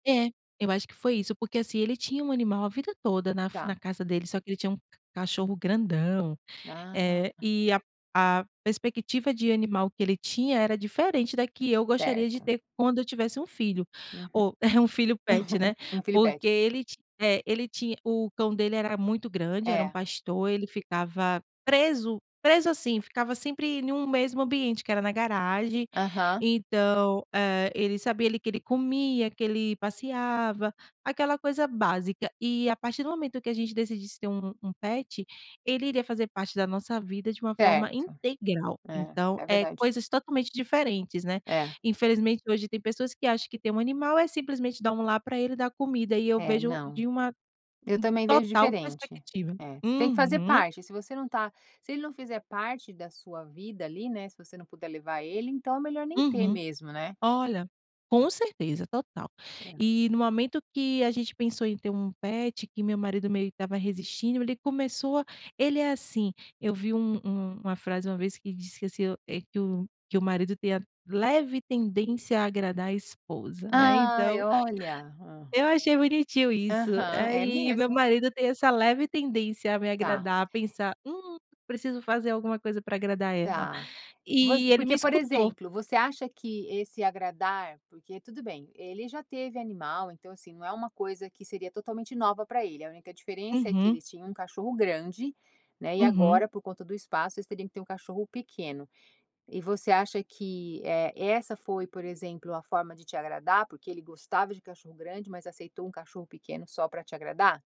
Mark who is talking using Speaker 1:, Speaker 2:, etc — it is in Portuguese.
Speaker 1: É, eu acho que foi isso, porque assim, ele tinha um animal a vida toda na f na
Speaker 2: Tá.
Speaker 1: casa dele, só que ele tinha um cachorro grandão, eh,
Speaker 2: Ah.
Speaker 1: e a a perspectiva de animal que ele tinha era diferente da que eu gostaria de
Speaker 2: Certo.
Speaker 1: ter quando eu tivesse um filho.
Speaker 2: Uhum.
Speaker 1: Oh, um filho pet, né.
Speaker 2: U um filho
Speaker 1: Porque
Speaker 2: pet.
Speaker 1: ele ti é, ele tinha o cão dele era muito grande, era um
Speaker 2: É.
Speaker 1: pastor, ele ficava preso, preso assim, ficava sempre em um mesmo ambiente, que era na garagem,
Speaker 2: Aham.
Speaker 1: então, eh, ele sabia, ali, que ele comia, que ele passeava, aquela coisa básica. E a partir do momento que a gente decidisse ter um um pet, ele iria fazer parte da nossa vida de uma forma
Speaker 2: Certo.
Speaker 1: integral,
Speaker 2: É,
Speaker 1: então,
Speaker 2: é
Speaker 1: eh,
Speaker 2: verdade.
Speaker 1: coisas totalmente diferentes, né.
Speaker 2: É.
Speaker 1: Infelizmente hoje tem pessoas que acham que ter um animal é simplesmente dar um lar para ele dar comida, e eu
Speaker 2: É,
Speaker 1: vejo
Speaker 2: não.
Speaker 1: de uma
Speaker 2: Eu também vejo
Speaker 1: total
Speaker 2: diferente.
Speaker 1: perspectiva.
Speaker 2: É, você tem que fazer
Speaker 1: Uhum.
Speaker 2: parte, se você não está se ele não fizer parte da sua vida, ali, né, se você não puder levar ele, então é melhor nem ter
Speaker 1: Uhum.
Speaker 2: mesmo, né.
Speaker 1: Olha. Com certeza, total.
Speaker 2: É.
Speaker 1: E no momento que a gente pensou em ter um pet, que meu marido meio que estava resistindo, ele começou a ele é assim, eu vi um um uma frase uma vez que disse que assim o, eh, "que o que o marido tem a leve tendência a agradar a esposa", né,
Speaker 2: Ai,
Speaker 1: então.
Speaker 2: olha, hã.
Speaker 1: Eu achei bonitinho isso,
Speaker 2: Aham, é
Speaker 1: aí meu
Speaker 2: mesmo.
Speaker 1: marido tem essa leve tendência a me
Speaker 2: Tá.
Speaker 1: agradar, pensar: "hum, preciso fazer alguma coisa para agradar ela",
Speaker 2: Tá. Vo
Speaker 1: e ele me
Speaker 2: porque por
Speaker 1: escutou.
Speaker 2: exemplo, você acha que esse agradar, porque tudo bem, ele já teve animal, então assim, não é uma coisa que seria totalmente nova para ele, a única diferença é que
Speaker 1: Uhum.
Speaker 2: eles tinham um cachorro grande, né, e
Speaker 1: Uhum.
Speaker 2: agora, por conta do espaço, vocês teriam que ter um cachorro pequeno. E você acha que, eh, essa foi, por exemplo, a forma de te agradar, porque ele gostava de cachorro grande, mas aceitou um cachorro pequeno só para te agradar?